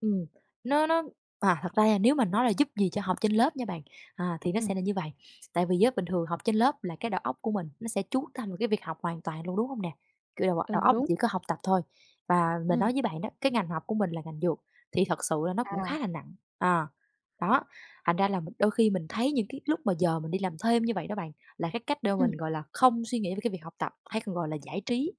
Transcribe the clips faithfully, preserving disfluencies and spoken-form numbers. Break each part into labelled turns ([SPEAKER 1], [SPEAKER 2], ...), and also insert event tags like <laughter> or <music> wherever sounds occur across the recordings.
[SPEAKER 1] Ừm, nó nó à, thật ra là nếu mà nói là giúp gì cho học trên lớp nha bạn, à, thì nó sẽ
[SPEAKER 2] Ừm.
[SPEAKER 1] là như vầy. Tại vì á, bình thường học trên lớp là cái đầu óc của mình nó sẽ chú tâm vào cái việc học hoàn toàn luôn, đúng hông nè? Kiểu, đầu đầu
[SPEAKER 2] Ừ,
[SPEAKER 1] óc
[SPEAKER 2] đúng.
[SPEAKER 1] chỉ có học tập thôi và mình
[SPEAKER 2] Ừm.
[SPEAKER 1] nói với bạn đó, cái ngành học của mình là ngành dược, thì thật sự là nó cũng
[SPEAKER 2] À.
[SPEAKER 1] khá là nặng, à. Đó, thành ra là mì đôi khi mình thấy những cái lúc mà giờ mình đi làm thêm như vậy đó bạn, là cái cách để mà mình,
[SPEAKER 2] Ừm.
[SPEAKER 1] gọi là, không suy nghĩ về cái việc học tập hay còn gọi là giải trí.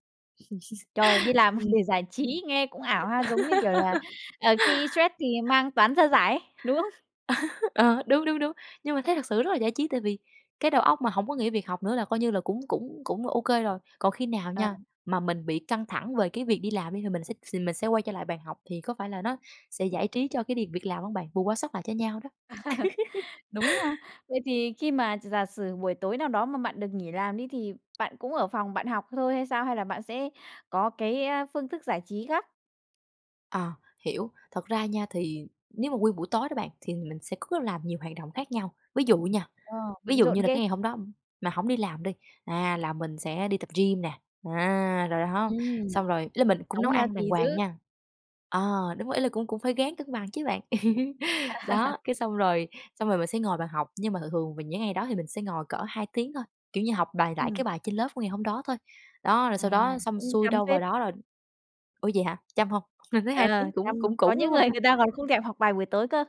[SPEAKER 2] Trời, đi
[SPEAKER 1] <chuckles>
[SPEAKER 2] làm <chuckles>
[SPEAKER 1] Ừm.
[SPEAKER 2] để giải trí nghe cũng ảo ha, giống như kiểu là,
[SPEAKER 1] <laughs>
[SPEAKER 2] ờ, khi stress thì mang toán ra giải ấy, đúng không?
[SPEAKER 1] <chuckles> Ờ, đúng, đúng, đúng. Nhưng mà thấy thật sự rất là giải trí, tại vì cái đầu óc mà hổng có nghĩ việc học nữa là coi như là cũng cũng cũng OK rồi. Còn khi nào
[SPEAKER 2] Ờ.
[SPEAKER 1] nha, mà mình bị căng thẳng về cái việc đi làm đi thì mình sẽ s thì mình sẽ quay trở lại bàn học thì có phải là nó sẽ giải trí cho cái điềm việc làm hông bạn? Bù quá sớt lại cho nhau đó. <laughs>
[SPEAKER 2] <laughs> Đúng ha. Vậy thì khi mà gi giả sử buổi tối nào đó mà bạn được nghỉ làm đi thì bạn cũng ở phòng bạn học thôi hay sao? Hay là bạn sẽ có cái, a, phương thức giải trí khác?
[SPEAKER 1] À, hiểu, thật ra nha thì nếu mà nguyên buổi tối đó bạn thì mình sẽ có làm nhiều hoạt động khác nhau. Ví dụ nha,
[SPEAKER 2] Ờ,
[SPEAKER 1] ví
[SPEAKER 2] bận
[SPEAKER 1] dụ
[SPEAKER 2] rộn
[SPEAKER 1] như là cái
[SPEAKER 2] ghê.
[SPEAKER 1] ngày hôm đó mà hổng đi làm đi, à, là mình sẽ đi tập gym nè, à, rồi há,
[SPEAKER 2] Ừm.
[SPEAKER 1] xong rồi ý là mình cũng
[SPEAKER 2] Sống
[SPEAKER 1] nấu ăn đàng
[SPEAKER 2] healthy
[SPEAKER 1] hoàng
[SPEAKER 2] dữ.
[SPEAKER 1] nha. À, đúng rồi, ý là cũng cũng phải ráng cân bằng chứ bạn. <laughs> Đó,
[SPEAKER 2] <laughs>
[SPEAKER 1] cái xong rồi xong rồi mình sẽ ngồi vào học, nhưng mà thường thường vào những ngày đó thì mình sẽ ngồi cỡ hai tiếng thôi, kiểu như, học bài lại cái
[SPEAKER 2] Ừm.
[SPEAKER 1] bài trên lớp của ngày hôm đó thôi. Đó, rồi sau
[SPEAKER 2] À,
[SPEAKER 1] đó xong
[SPEAKER 2] cũng
[SPEAKER 1] xuôi
[SPEAKER 2] chăm
[SPEAKER 1] đâu vào
[SPEAKER 2] phết.
[SPEAKER 1] đó rồi ủa vậy hả? Chăm hông? Mình thấy
[SPEAKER 2] Ờ,
[SPEAKER 1] hai tiếng cũng
[SPEAKER 2] chăm.
[SPEAKER 1] cũng
[SPEAKER 2] Có
[SPEAKER 1] cũng, đúng
[SPEAKER 2] những
[SPEAKER 1] hông
[SPEAKER 2] người người ta
[SPEAKER 1] ta?
[SPEAKER 2] còn không thèm học bài buổi tối cơ.